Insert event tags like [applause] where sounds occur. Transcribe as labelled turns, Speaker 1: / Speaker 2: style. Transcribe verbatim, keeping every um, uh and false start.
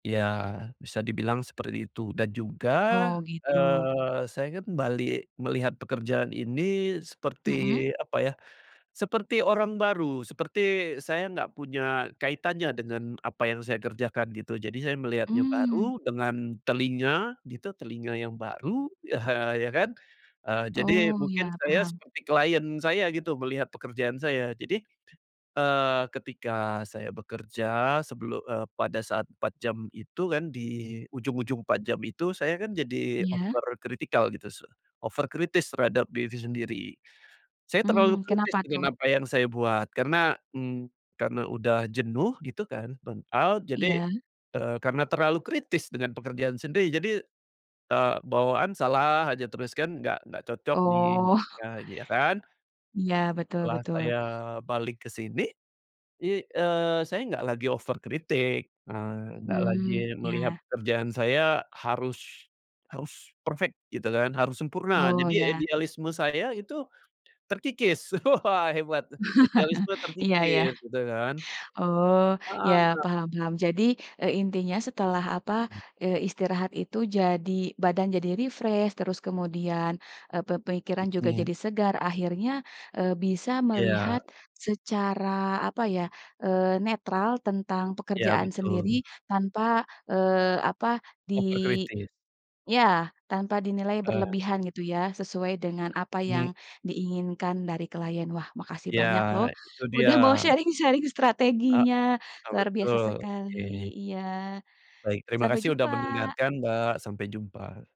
Speaker 1: Iya, bisa dibilang seperti itu. Dan juga,
Speaker 2: Oh gitu.
Speaker 1: eee, saya kan balik melihat pekerjaan ini seperti,
Speaker 2: Hmm.
Speaker 1: apa ya, seperti orang baru, seperti saya nggak punya kaitannya dengan apa yang saya kerjakan gitu. Jadi saya melihatnya
Speaker 2: Mmm.
Speaker 1: baru, dengan telinga, gitu, telinga yang baru ya ya kan. Eee, jadi,
Speaker 2: Oh,
Speaker 1: mungkin
Speaker 2: iya,
Speaker 1: saya
Speaker 2: paham.
Speaker 1: seperti client saya gitu, melihat pekerjaan saya. Jadi, eee, ketika saya bekerja sebelu eee, pada saat empat jam itu kan, di ujung-ujung empat jam itu, saya kan jadi
Speaker 2: Iya.
Speaker 1: over critical gitu su over kritis terhadap diri sendiri. Saya terlalu
Speaker 2: Mmm,
Speaker 1: kritis
Speaker 2: kenapa tuh?
Speaker 1: dengan apa yang saya buat, karena, mmm, karena udah jenuh gitu kan, burnout, jadi,
Speaker 2: Iya.
Speaker 1: eee, karena terlalu kritis dengan pekerjaan sendiri. Jadi, eee, bawaan salah aja terus kan, nggak nggak cocok di
Speaker 2: Oh.
Speaker 1: nah, iya kan.
Speaker 2: Iya, betul
Speaker 1: Setelah
Speaker 2: betul.
Speaker 1: saya balik ke sini, i eee, saya nggak lagi over kritik, eee, nggak lagi
Speaker 2: Mmm,
Speaker 1: melihat
Speaker 2: iya.
Speaker 1: pekerjaan saya harus harus perfect gitu kan, harus sempurna.
Speaker 2: Oh
Speaker 1: Jadi ya
Speaker 2: iya.
Speaker 1: idealisme saya itu terkikis, wah, hebat,
Speaker 2: [chuckles]
Speaker 1: idealisme
Speaker 2: Iya iya.
Speaker 1: terkikis, gitu kan.
Speaker 2: Oh, iya,
Speaker 1: Heeh.
Speaker 2: paham paham. Jadi, e intinya setelah apa,
Speaker 1: Hmm.
Speaker 2: eee, istirahat itu jadi badan jadi refresh, terus kemudian, e pe pemikiran juga
Speaker 1: [unintelligible]
Speaker 2: jadi segar. Akhirnya, eee, bisa melihat
Speaker 1: Iya.
Speaker 2: secara, apa ya, eee, netral tentang
Speaker 1: Iya,
Speaker 2: pekerjaan sendiri
Speaker 1: betul.
Speaker 2: tanpa, eee, apa, di
Speaker 1: Over kritis.
Speaker 2: iya, tanpa dinilai
Speaker 1: Ah, hah
Speaker 2: berlebihan gitu ya, sesuai dengan apa yang
Speaker 1: Mmm.
Speaker 2: diinginkan dari klien. Wah, makasih
Speaker 1: Iya,
Speaker 2: banyak loh,
Speaker 1: itu dia.
Speaker 2: udah mau sharing-sharing
Speaker 1: Heeh,
Speaker 2: strateginya, luar biasa
Speaker 1: betul,
Speaker 2: sekali.
Speaker 1: oke.
Speaker 2: Iya,
Speaker 1: Baik, terima
Speaker 2: sampai
Speaker 1: kasih udah
Speaker 2: jumpa!
Speaker 1: mendengarkan Mbak, sampai jumpa.